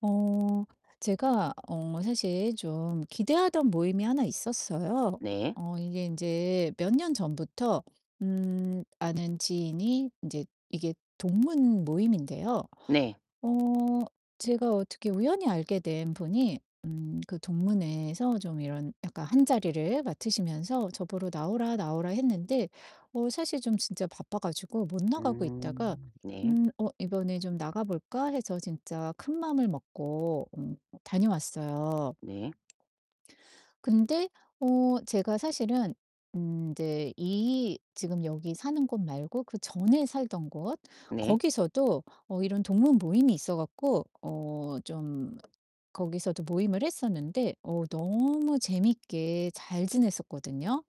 어 제가 어 사실 좀 기대하던 모임이 하나 있었어요. 네. 어 이게 인제 몇 년 전부터 음 아는 지인이 인제 이게 동문 모임인데요 네. 어 제가 어떻게 우연히 알게 된 분이 음 그 동문회에서 좀 이런 약간 한 자리를 맡으시면서 저 보러 "나오라, 나오라." 했는데 어 사실 좀 진짜 바빠 가지고 못 나가고 있다가 음 네. 음 어 '이번에 좀 나가 볼까?' 해서 진짜 큰 마음을 먹고 어 다녀왔어요. 네. 근데 어 제가 사실은 음 인제 이 지금 여기 사는 곳 말고 그전에 살던 곳 네. 거기서도 어 이런 동문 모임이 있어 갖고 어 좀 거기서도 모임을 했었는데 어 너무 재밌게 잘 지냈었거든요.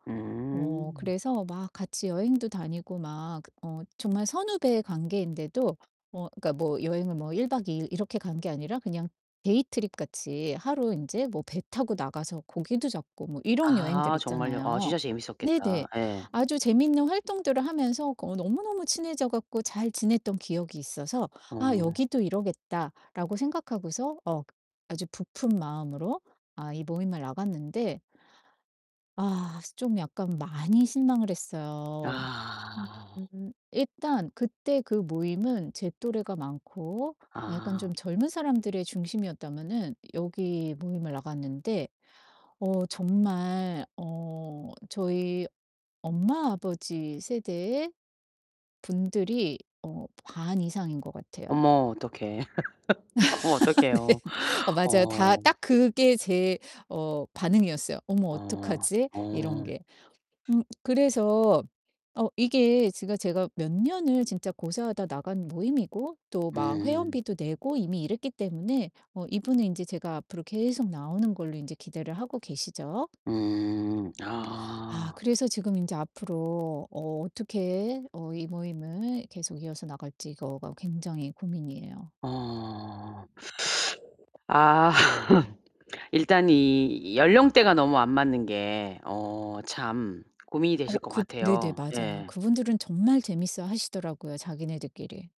어 음. 그래서 막 같이 여행도 다니고 막 어 정말 선후배 관계인데도 뭐 그러니까 뭐 여행을 뭐 1 박 2 일 이렇게 간 게 아니라 그냥 데이 트립 같이 하루 인제 뭐 배 타고 나가서 고기도 잡고 뭐 이런 여행들 아 정말요? 아 있잖아요. 진짜 재밌었겠다. 네네. 예. 아주 재밌는 활동들을 하면서 어 너무너무 친해져 갖고 잘 지냈던 기억이 있어서 '아 어. 여기도 이러겠다.'라고 생각하고서 어 아주 부푼 마음으로 아 이 모임을 나갔는데 아 좀 약간 많이 실망을 했어요. 음. 아. 음. 일단 그때 그 모임은 제 또래가 많고 아 약간 좀 아. 젊은 사람들이 중심이었다면은 여기 모임을 나갔는데 어 정말 어 저희 엄마, 아버지 세대의 분들이 어 반 이상인 것 같아요. 어머 어떡해. 어머 네. 어떡해요. 어 맞아요. 다 어. 딱 그게 제 어 반응이었어요. '어머, 어. 어떡하지?' 이런 어. 게. 음 그래서 어 이게 제가 제가 몇 년을 진짜 고사하다 나간 모임이고 또 막 음. 회원비도 내고 이미 이랬기 때문에 어 이분은 인제 제가 앞으로 계속 나오는 걸로 인제 기대를 하고 계시죠. 음. 아 아. 그래서 지금 인제 앞으로 어 어떻게 어 이 모임을 계속 이어서 나갈지 이거가 굉장히 고민이에요. 어 아. 일단 이 연령대가 너무 안 맞는 게 어 참 고민이 어 되실 것 그 네네 같아요. 맞아요. 예. 그분들은 정말 재미있어 하시더라고요, 자기네들끼리.